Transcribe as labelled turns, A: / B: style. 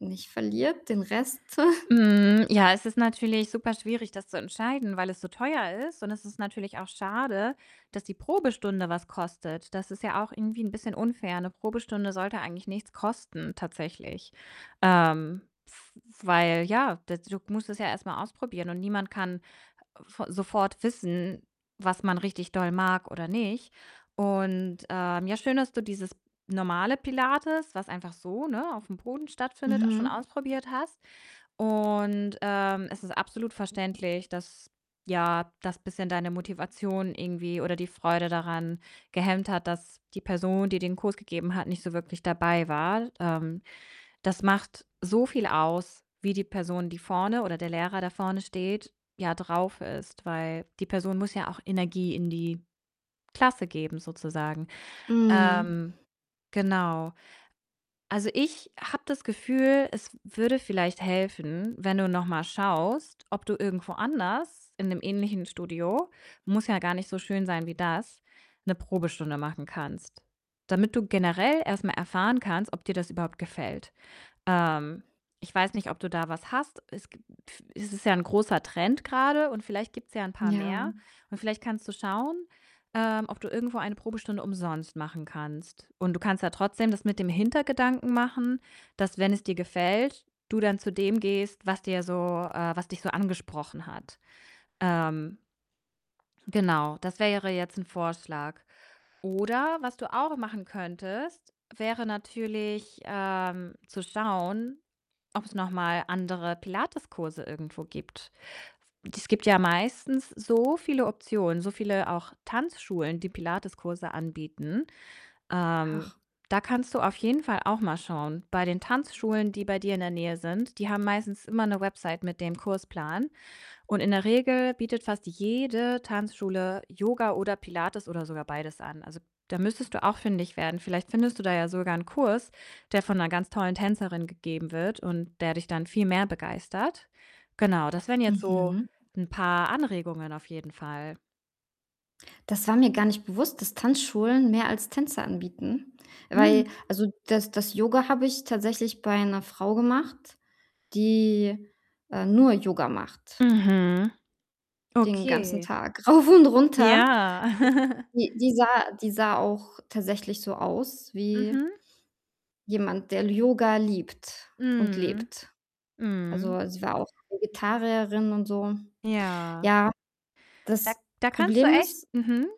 A: Nicht verliert den Rest.
B: Mhm. Ja, es ist natürlich super schwierig, das zu entscheiden, weil es so teuer ist und es ist natürlich auch schade, dass die Probestunde was kostet. Das ist ja auch irgendwie 'n bisschen unfair, 'ne Probestunde sollte eigentlich nichts kosten tatsächlich. Ähm, w weil ja, da du musst das ja erst mal ausprobieren und niemand kann v sofort wissen, was man richtig doll mag oder nicht. Und, ähm, ja schön, dass du dieses normale Pilates, was einfach so, ne, auf'm Boden stattfindet, a schon
A: Mhm.
B: ausprobiert hast. Und, ähm, es ist absolut verständlich, dass, ja dass bisschen deine Motivation irgendwie oder die Freude daran gehemmt hat, dass die Person, die den Kurs gegeben hat, nicht so wirklich dabei war. Ähm, das macht so viel aus, wie die Person, die vorne oder der Lehrer, der vorne steht, ja drauf ist, weil die Person muss ja auch Energie in die Klasse geben sozusagen.
A: Mhm.
B: Ähm, genau. Also, ich habe das Gefühl, es w würde vielleicht helfen, wenn du noch mal schaust, ob du irgendwo anders in 'nem ähnlichen Studio, muss ja gar nicht so schön sein wie das, 'ne Probestunde machen kannst, damit du generell erst mal erfahren kannst, ob dir das überhaupt gefällt. Ähm, ich weiß nicht, ob du da was hast. Es gibt es ist ja 'n großer Trend grade und vielleicht gibt's ja 'n paar
A: Ja.
B: mehr und vielleicht kannst du schauen, ähm, ob du irgendwo eine Probestunde umsonst machen kannst. Und du kannst ja trotzdem das mit dem Hintergedanken machen, dass wenn es dir gefällt, du dann zu dem gehst, was dir so äh, was dich so angesprochen hat. Ähm genau, das wäre jetzt 'n Vorschlag. Oder was du auch machen könntest, wäre natürlich, ähm, zu schauen, ob's noch mal andere Pilates-Kurse irgendwo gibt. Es gibt ja meistens so viele Optionen, so viele auch Tanzschulen, die Pilates-Kurse anbieten. Ähm,
A: Ach.
B: da kannst du auf jeden Fall auch mal schauen bei den Tanzschulen, die bei dir in der Nähe sind. Die haben meistens immer 'ne Website mit dem Kursplan und in der Regel bietet fast jede Tanzschule Yoga oder Pilates oder sogar beides an. Also, da müsstest du auch fündig werden. Vielleicht findest du da ja sogar 'n Kurs, der von 'ner ganz tollen Tänzerin gegeben wird und der dich dann viel mehr begeistert. Genau, das wären jetzt so
A: Mhm.
B: 'n paar Anregungen auf jeden Fall.
A: Das war mir gar nicht bewusst, dass Tanzschulen mehr als Tänze anbieten, weil
B: Mhm.
A: also, das das Yoga habe ich tatsächlich bei 'ner Frau gemacht, die, äh, nur Yoga macht
B: Mhm.
A: den ganzen
B: Okay.
A: Tag rauf und runter.
B: Ja.
A: Die die sah die sah auch tatsächlich so aus wie
B: Mhm.
A: jemand, der L Yoga liebt und
B: Mhm.
A: lebt. Also,
B: Mhm.
A: weil sie war auch Vegetarierin und so.
B: Ja.
A: Ja,
B: Da
A: das
B: da kannst du
A: Problem
B: echt
A: ist
B: mhm.